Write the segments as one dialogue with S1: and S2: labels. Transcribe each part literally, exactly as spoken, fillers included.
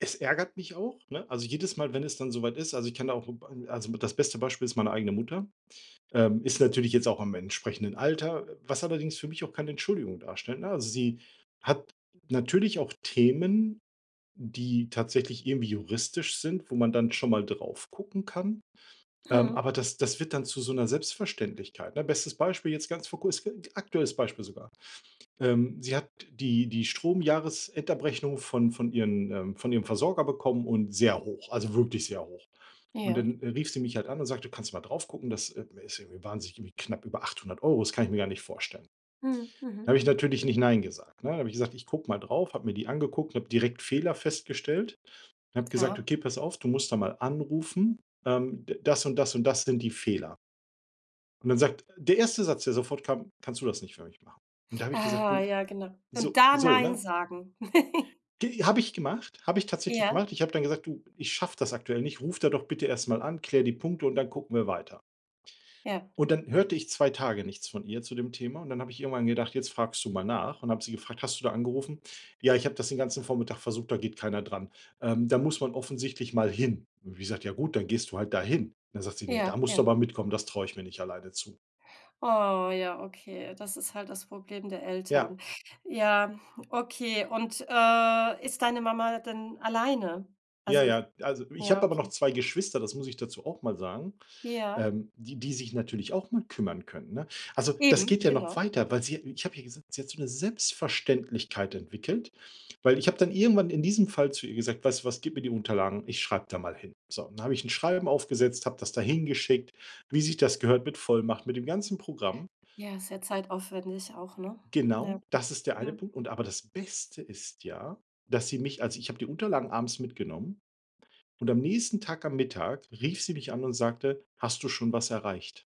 S1: Es ärgert mich auch, ne? Also jedes Mal, wenn es dann so weit ist. Also, ich kann da auch 'n B also mit das beste Beispiel ist meine eigene Mutter. Ähm, ist natürlich jetzt auch im entsprechenden Alter, was allerdings für mich auch keine Entschuldigung darstellt, ne? Also, sie hat natürlich auch Themen, die tatsächlich irgendwie juristisch sind, wo man dann schon mal drauf gucken kann. Ähm,
S2: Mhm.
S1: aber das das wird dann zu so 'ner Selbstverständlichkeit, ne? Bestes Beispiel jetzt ganz vor Kurze [unintelligible] aktuelles Beispiel sogar. Ähm, sie hat die die Stromjahresendabrechnung von von ihren ähm, von ihrem Versorger bekommen und sehr hoch, also wirklich sehr hoch. Und
S2: Ja.
S1: dann, äh, rief sie mich halt an und sagte: „Kannst du mal drauf gucken? Das, ähm, ist irgendwie wahnsinnig irgendwie knapp über achthundert Euro, das kann ich mir gar nicht vorstellen.“
S2: Mhm.
S1: Da
S2: Mhm.
S1: hab ich natürlich nicht nein gesagt, ne? Da hab ich gesagt: „Ich guck mal drauf“, hab mir die angeguckt, und hab direkt Fehler festgestellt. Hab gesagt:
S2: Ah.
S1: „Okay, pass auf, du musst da mal anrufen. Ähm, d das und das und das sind die Fehler.“ Und dann sagt der erste Satz, der sofort kam: „Kannst du das nicht für mich machen?“ Und da hab ich gesagt:
S2: Ah,
S1: „Du,
S2: ja, genau. Und
S1: so“
S2: da
S1: so,
S2: „nein“
S1: ne?
S2: sagen.
S1: G habe ich gemacht, habe ich tatsächlich
S2: Ja.
S1: gemacht. Ich habe dann gesagt: „Du, ich schaff das aktuell nicht, ruf da doch bitte erst mal an, klär die Punkte und dann gucken wir weiter.“
S2: Ja.
S1: Und dann hörte ich zwei Tage nichts von ihr zu dem Thema und dann hab ich irgendwann gedacht: „Jetzt fragst du mal nach“, und hab sie gefragt: „Hast du da angerufen?“ „Ja, ich hab das den ganzen Vormittag versucht, da geht keiner dran. Ähm, da muss man offensichtlich mal hin.“ Hab ich gesagt: „Ja gut, dann gehst du halt dahin. Dann sagt sie: „Ne, da
S2: Ja,
S1: musst du
S2: ja.
S1: aber mitkommen, das traue ich mir nicht alleine zu.“
S2: Oh ja, okay. Das ist halt das Problem der
S1: Ja.
S2: Eltern. Ja, okay. Und, äh, ist deine Mama denn alleine?
S1: Ja,
S2: Also, ist
S1: ja. Also, ich
S2: ja,
S1: hab aber noch
S2: okay.
S1: zwei Geschwister, das muss ich dazu auch mal sagen,
S2: Ja.
S1: ähm, die die sich natürlich auch mal kümmern können, ne? Also, das
S2: Eben,
S1: geht ja noch
S2: genau.
S1: weiter, weil sie ich hab ja gesagt, sie hat so 'ne Selbstverständlichkeit entwickelt, weil ich hab dann irgendwann in diesem Fall zu ihr gesagt: „Weißt du was, gib mir die Unterlagen, ich schreib da mal hin.“ So. Und dann hab ich 'n Schreiben aufgesetzt, hab das dahin geschickt, wie sich das gehört, mit Vollmacht, mit dem ganzen Programm.
S2: Ja, sehr zeitaufwendig auch, ne? Ja.
S1: Genau, das ist der eine
S2: Mhm.
S1: Punkt. Und aber das Beste ist ja, dass sie mich also ich hab die Unterlagen abends mitgenommen und am nächsten Tag am Mittag rief sie mich an und sagte: „Hast du schon was erreicht?“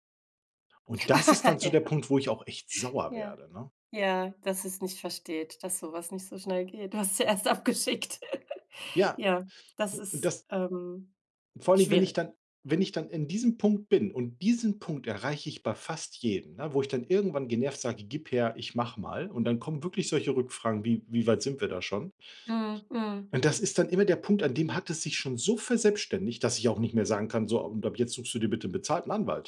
S1: Und das ist dann so der Punkt, wo ich auch echt
S2: Ja.
S1: sauer
S2: Ja.
S1: werde, ne?
S2: Ja, dass sie's nicht versteht, dass so was nicht so schnell geht. Du hast ja erst abgeschickt.
S1: Ja,
S2: Ja, das
S1: und
S2: ist,
S1: das
S2: ähm,
S1: vor allem, wenn ich
S2: schwierig.
S1: dann wenn ich dann in diesem Punkt bin und diesen Punkt erreiche ich bei fast jedem, ne, wo ich dann irgendwann genervt sage: „Gib her, ich mach mal“ und dann kommen wirklich solche Rückfragen wie: „Wie weit sind wir da schon?“
S2: Mhm. Mhm.
S1: Und das ist dann immer der Punkt, an dem hat es sich schon so verselbstständigt, dass ich auch nicht mehr sagen kann: „So, und ab jetzt suchst du dir bitte 'nen bezahlten Anwalt.“